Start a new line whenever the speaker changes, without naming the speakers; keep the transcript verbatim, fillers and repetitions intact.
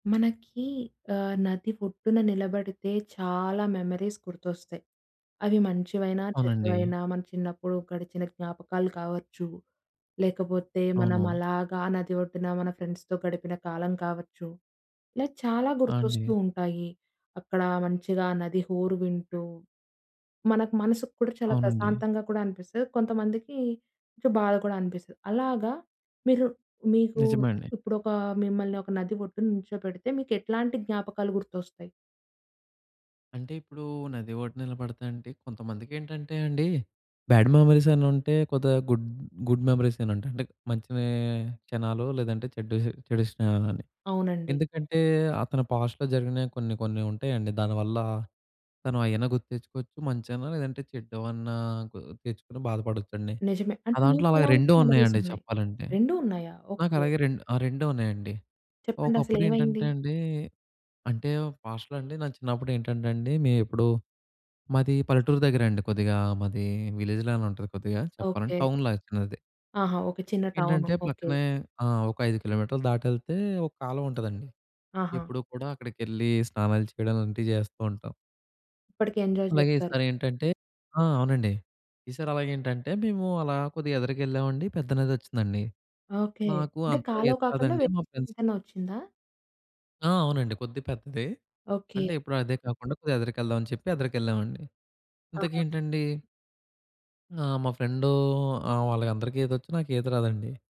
మనకి ఆహ్, నది ఒడ్డున నిలబడితే చాలా మెమోరీస్ గుర్తొస్తయి. అవి మంచివైనా,
అవునండి.
చెడ్డవైనా, మన చిన్నప్పుడు గడిచిన జ్ఞాపకాలు కావచ్చు. లేకపోతే మనం
అవును.
అలాగా ఆ నది ఒడ్డున మన ఫ్రెండ్స్‌తో గడిపిన కాలం కావచ్చు, ఇలా చాలా
ఆ!
గుర్తొస్తూ
అండి.
ఉంటాయి. అక్కడ మంచిగా ఆ నది హోరు వింటూ, మనకు మనసు కూడా చాలా
అవునండి.
ప్రశాంతంగా కూడా అనిపిస్తది. కొంతమందికి కొంచెం బాధ కూడా అనిపిస్తది. అలాగా మీరు మీకు
నిజమే అండి.
ఇప్పుడొకా మిమ్మల్ని ఒక నది ఒడ్డున నుంచో‌బెడితే మీకెట్లాంటి జ్ఞాపకాలు గుర్తొస్తాయి?
అంటే ఇప్పుడు నది ఒడ్డున నిలబడితేంటి కొంతమందికేంటంటే అండి, బ్యాడ్ మెమోరీసని ఉంటయి. కొద్దిగా గుడ్ గుడ్ మెమోరీసని ఉంటయి. అంటే మంచి వె క్షణాలు లేదంటే చెడ్డు చెడు స్నేహాలని.
అవునండి.
ఎందుకంటే, అతను పాస్ట్‌లో జరిగినవి కొన్ని కొన్ని ఉంటయండి దానివల్ల తను అయ్యేనా గుర్తు తెచ్చుకోవచ్చు మంచైనా. లేదంటే చెడ్డవన్నా గుర్తు తెచ్చుకొని బాధపడొచ్చండి.
నిజమే.
నా
అంటే
దాంట్లో అలాగ
మీకెలాంటి
రెండూ
మెమోరీస్
ఉన్నయండి
ఉన్నాయి?
చెప్పాలంటే.
రెండూ ఉన్నాయా? ఓకే.
నాకలాగే రెండు ఆ! రెండు ఉన్నయండి. ఒకప్పుడేంటంటే
చెప్పండసలేమైంది?
అండి, అంటేవ్ పాస్ట్‌లో అండి నా చిన్నప్పుడేంటంటండి మే ఇప్పుడు, మాది పల్లెటూరు దగ్గరండి కొద్దిగా. మాది విలేజ్‌ లానే ఉంటది కొద్దిగా చెప్పాలంటే,
ఓకే.
టౌన్ లాగా చిన్నది.
ఆహా! ఓకే. చిన్న టౌను.
ఏంటంటే
ఓకే.
పక్కనే ఆ! ఒక ఐదు కిలోమీటర్లు దాటెళ్తే ఒక కాలవ ఉంటదండి.
ఆహా!
ఎప్పుడూ కూడా అక్కడికెళ్ళి, స్నానాలు చేయడం అలాంటియి జేస్తూ ఉంటాం.
ఇప్పటికి ఎంజాయ్
అలాగే
జేస్తారు.
ఈసారేంటంటే ఆ! అవునండి. ఈ సారి అలాగేంటంటే మేము అలా కొద్దిగా ఎదరకెళ్ళావండి పెద్ద నదొచ్చిందండి.
ఓకే.
నాకూ
అంటే
అంతగా
కాలవ
ఈత
కాకుండా
రాదండి. మా ఫ్రెండ్స్
వేరెదేదైనా ఒచ్చిందా?
ఆ! అవునండి. కొద్దిగ పెద్దది.
ఓకే.
అంటే ఇప్పుడు అదే కాకుండా కొద్దిగా ఎదరకెళ్దామని చెప్పి ఎదరకెళ్ళావండి. ఇంతకీ
ఆహా!
ఏంటండి? ఆహ్, మా ఫ్రెండూ ఆ! వాళ్ళకందరికీ ఈతొచ్చు. నాకీత రాదండి.